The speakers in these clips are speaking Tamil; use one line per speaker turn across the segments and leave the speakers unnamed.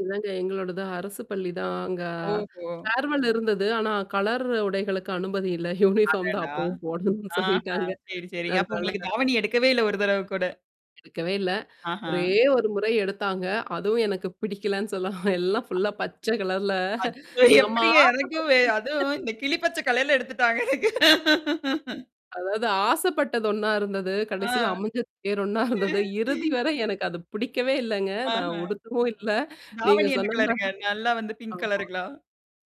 இல்லங்க. எங்களோடது அரசுப் பள்ளிதான். அங்க
ஓஹோ!
ஃபேர்வெல் இருந்தது. ஆனா, கலர் உடைகளுக்கு அனுமதி இல்ல யூனிபார்ம் தான்
அடடா!
அப்பவும் போடணும்னு
ஆஹா.
சொல்லிட்டாங்க
சரி, சரிங்க. அப்ப
அதனால
உங்களுக்குத் தாவணி எடுக்கவே இல்ல, 1 தடவ கூட.
எடுக்கவே இல்ல.
ஆஹா!
ஒரே 1 முறை எடுத்தாங்க. அதுவும் எனக்குப் பிடிக்கலேன்னு சொல்லாம், எல்லாம் ஃபுல்லா பச்ச கலர்ல
அச்சோ!
நம்ம நம்ம
எப்பிடிங்க எனக்கு வெ
ஆசப் [unintelligible]
அதும் இந்தக் கிளி பச்ச கலர்ல எடுத்துட்டாங்க எனக்கு.
அதாவது ஆசைப்பட்டது ஒண்ணா இருந்தது.
ஆ.
கடைசில அமைஞ்சது வேற ஒண்ணா இருந்தது. இறுதிவரை எனக்கு அது பிடிக்கவே இல்லங்க.
ஆஹா!
நான் உடுத்தவும் இல்ல. நீங்க
தாவணி என்ன
சொன்னதுமாரி
கலருங்க? நல்லா வந்து
[unintelligible]
பிங்க்
ஆமா.
கலருங்களா?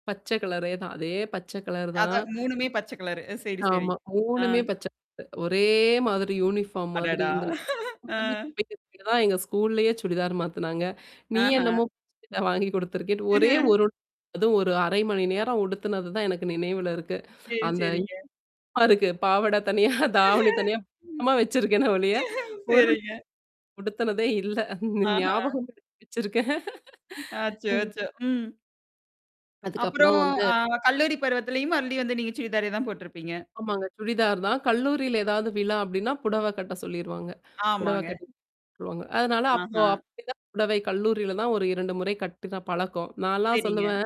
பச்சை கலரேதான். அதே பச்சைகலரு தான்.
அதான் 3மே பச்சைகலரு. சரி, சரி.
ஆமா.
ஆ.
3மே பச்சை கலர். ஒரே மாதிரி யூனிபார்ம் மாதிரி.
அடடா!
இந்த [unintelligible]
ஆ.
தான் எங்க ஸ்கூல்லயே சுடிதார் மாத்துனாங்க. நீ
ஆஹா!
என்னமோ [unintelligible] வாங்கிக் கொடுத்திருக்கேன்டு ஒரே ஒரு அதுவும் ஒரு 1/2 நேரம் உடுத்தினது தான் எனக்கு நினைவுல இருக்கு.
சரி,
அந்த
சரிங்க.
[unintelligible] பாவாடை தனியா, தாவணி தனியா இன்னமும் வச்சிருக்கேன்னு ஒழிய ஒரு
சரிங்க.
உடுத்தினதே இல்ல.
ஆஹா!
ஞாபகம் [unintelligible] வச்சிருக்கேன்.
ஆச்சோ! ஆச்சோ! ம்.
அதுக்கப்புறம்
அப்புறம்
வந்து
அ கல்லூரி பருவத்துலயும் மறுபடியும் வந்து நீங்க சுடிதாரே தான் போட்டிருப்பீங்க.
ஆமாங்க, சுடிதார்தான். கல்லூரில ஏதாவது விழா அப்பிடின்னா புடவ கட்ட சொல்லிருவாங்க. புடவ
ஆமாங்க.
கட்டிட்டு. [unintelligible] அதனால, அப்போ
ஆஹா!
அப்பிடித் தான் புடவை கல்லூரில தான் ஒரு 2 முறை கட்டுன பழக்கம். நான்லாம்
சரிங்க.
சொல்லுவேன்,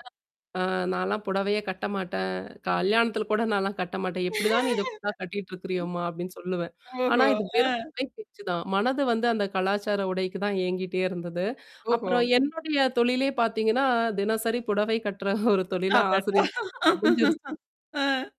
அ நான்லாம் புடவையே கட்டமாட்டேன். கல்யாணத்துல கூட நான்லாம் கட்டமாட்டேன். எப்பிடி தான் இத [unintelligible] கட்டிட்டு இருக்கிறியோம்மா! அப்பிடின்னு சொல்லுவேன். ஆனா,
ஓஹோ!
இது
ஆ.
வெறும் குறை பேச்சுதான். மனது வந்து அந்தக் கலாச்சார உடைக்கு தான் ஏங்கிட்டே இருந்தது.
ஓஹோ!
அப்புறம் என்னுடைய தொழிலே பார்த்தீங்கன்னா, தினசரி புடவை கட்டுற ஒரு தொழிலா
அடடா!
ஆசிரியர் தொழில் அமைஞ்சிருச்சு.
ஆ.